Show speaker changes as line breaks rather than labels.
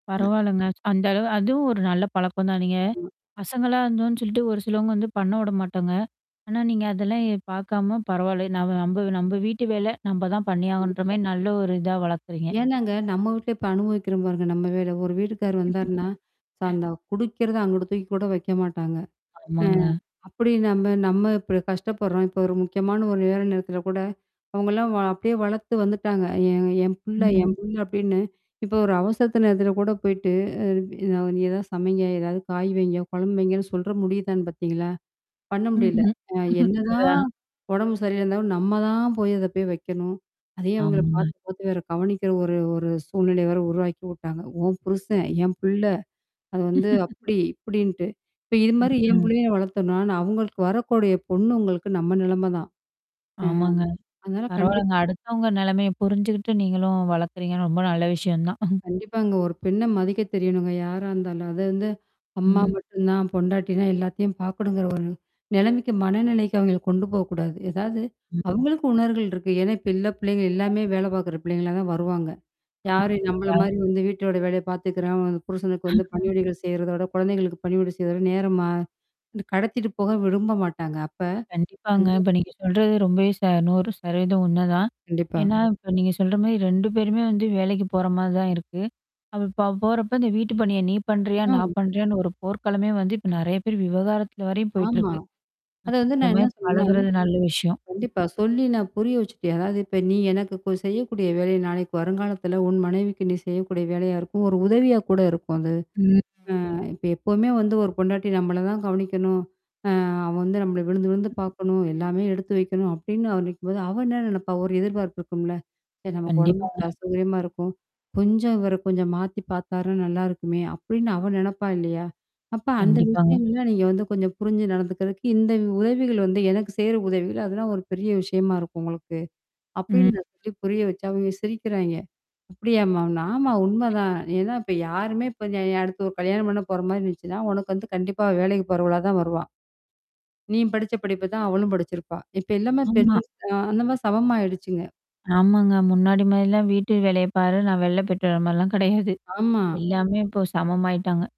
[unintelligible]
பரவால்லங்க, அந்த அளவு அதுவும் ஒரு நல்ல பழக்கம்தானேங்க. நீங்க
ஆமா.
பசங்களா இருந்தோம்ன்னு சொல்லிட்டு ஒரு சிலவங்க வந்து பண்ண விட மாட்டாங்க. ஆனா, நீங்க அதெல்லாம் எ பாக்காம பரவால்ல. நம் நம்ப நம்ப வீட்டு வேல, நம்ப தான் பண்ணியாகனுன்ற
கண்டிப்பா.
மாரி நல்ல ஒரு இதா வளர்க்குறீங்க.
ஏனாங்க, நம்ம வீட்ல இப்ப அனுபவிக்கிற பாருங்க. நம்ம வேல ஒரு வீட்டுக்கார் வந்தருன்னா, ச அந்த குடிக்கறத அங்குட்ட தூக்கி கூட வைக்க மாட்டாங்க. அ
ஆமாங்க.
அப்படி நம்ம நம்ம இப்படி கஷ்டப்படுறோம். இப்ப ஒரு முக்கியமான ஒரு நேர நேரத்தில கூட அவங்கலாம் வ அப்படியே வளத்து வந்துட்டாங்க. என் என் புள்ள, என்
ம்.
பொண்ண அப்படின்னு இப்ப ஒரு அவசரத்து நேரத்தில கூட போயிட்டு, அ [unintelligible] ஏதாது நீ ஏதாது சமைங்க, ஏதாவது காய் வைங்க, குழம்பு வைங்கன்னு சொல்ற முடிதானு பாத்தீங்களா? பண்ண முடியல.
ம்ஹ்ம்.
அ என்னதான்
அதா.
உடம்பு சரி இல்ல இருந்தாலும் நம்ம தான் போய் அத போய் வைக்கணும். அதே அவங்கள
ஆமாங்க.
பார்த்து, பார்த்து வேற கவனிக்கனும். ஒரு ஒரு சூழ்நிலைய வேற உருவாக்கி உட்டாங்க. உன் புருஷன், என் பிள்ள. அது வந்து, அப்படி இப்படின்ட்டு. இப்ப இது மாரி என்
ம்.
புள்ளைய நான் வளத்தோம்னா, நா அவங்களுக்கு வரக்கூடிய பொண்ணுங்களுக்கு நம்ம நிலம தான். ம்.
ஆமாங்க.
அ அதால கண்டிப்
பரவால்லங்க. அடுத்தவங்க நெலைமைய புரிஞ்சுகிட்டு நீங்களும் வளக்கறீங்கன்னு ரொம்ப நல்ல விஷயம் தான்.
கண்டிப்பாங்க. ஒரு பெண்ண மதிக்க தெரியணுங்க யாரா இருந்தாலும். அது வந்து அம்மா
ம்.
மட்டும் தான், பொண்டாட்டினா எல்லாத்தையும் பாக்கணுங்கிற ஒரு நிலைமைக்கு மனநிலைக்கு அவங்கள கொண்டு போக்கூடாது. ஏதாவது அவங்களுக்கு உணவுர்கள் இருக்கு. ஏன்னா, இப்ப உள்ள பிள்ளைங்க எல்லாமே வேல பாக்குற பிள்ளைங்களா தான் வருவாங்க. யாரு நம்மள
வ
மாரி வந்து வீட்டோட வேலைய பார்த்துக்கிறாங்ளோ வந்து புருஷனுக்கு வந்து பணிவிடைகள் செய்றத விட, குழந்தைகளுக்கு பணிவிடை செய்றத விட நேரமா வந்து கடத்திட்டு போக விரும்ப மாட்டாங்க. அப்ப
கண்டிப்பாங்க. இப்ப நீங்க
[unintelligible]
சொல்றது ரொம்பவே ச 100% உண்மதான்
கண்டிப்பா.
ஏன்னா, இப்ப நீங்க சொல்ற மாரி 2 பேருமே வந்து வேலைக்கு போற மாரி தான் இருக்கு.அவ இப்ப அவ போறப்ப இந்த வீட்டு பணியா நீ பண்றியா?
ம்.
நான் பண்றியான்னு? ஒரு போர்க்காலமே வந்து இப்ப நெறைய பேர் விவாகரத்துல வரையும்
ஆமா.
போயிட்டுருக்கு.
அத
அ
வந்து
இந்த
நான் என்ன
மாரி
சொல்றேன்னா
பழகுறது நல்ல விஷயம்.
கண்டிப்பா, சொல்லி நான் புரிய வச்சுட்டேன். அதாவது "இப்ப நீ எனக்கு கொ செய்யக்கூடிய வேலை நாளைக்கு வருங்காலத்தில உன் மனைவிக்கு நீ செய்யக்கூடிய வேலையா இருக்கும். ஒரு உதவியா கூட இருக்கும் அது.
ம்.
அ இப்ப எப்பவுமே வந்து ஒரு பொண்டாட்டி நம்மள தான் கவனிக்கணும். அ அவள் வந்து நம்மள விழுந்து விழுந்து பாக்கணும். எல்லாமே எடுத்து வைக்கணும் அப்டின்னு அவன் நனைக்கும்போது அவள் என்ன நினைப்பா ஒரு எதிர்பார்ப்பு இருக்கும்ல. சரி நமக்கு உடம்பு
கண்டிப்பாங்க.
அசௌகரியமா இருக்கும். கொஞ்சம் இவர கொஞ்சம் மாத்தி பாத்தாருனா நல்லாருக்குமே! அப்படின்னு அவ நினைப்பா இல்லையா? அப்ப அந்த
கண்டிப்பாங்க.
விஷயங்கள்லாம் நீங்க வந்து கொஞ்சம் புரிஞ்சு நடந்துக்கறக்கு, இந்த உதவிகள் வந்து எனக்கு சேய்ற உதவிகள். அதெல்லாம் ஒரு பெரிய விஷயமா இருக்கும் உங்களுக்கு" அப்டின்னு
ம்.
நான் சொல்லி புரிய வச்சேன் அவங்க சிரிக்கிறாயங்க. "அப்படியாமா" ஆமா உண்மதான். ஏன்னா இப்ப யாருமே இப்ப அ அடுத்து ஒரு கல்யாணம் பண்ண போற மாரி இருந்துச்சுன்னா, உனக்கு வந்து கண்டிப்பா வேலைக்கு போறவளா தான் வருவா, நீ படிச்ச படிப்ப தான் அவளும் படிச்சிருப்பா. இப்ப எல்லாமே பெண்
ஆமா.
அ அந்த மாரி சமம் ஆயிடுச்சுங்க.
ஆமாங்க. முன்னாடி மாதிரிலாம் வீட்டு வேலைய பாரு. நான் வெளில போய்ட்டுவரன் மாரிலாம் கிடையாது.
ஆமா.
எல்லாமே இப்போ சமமாயிட்டாங்க.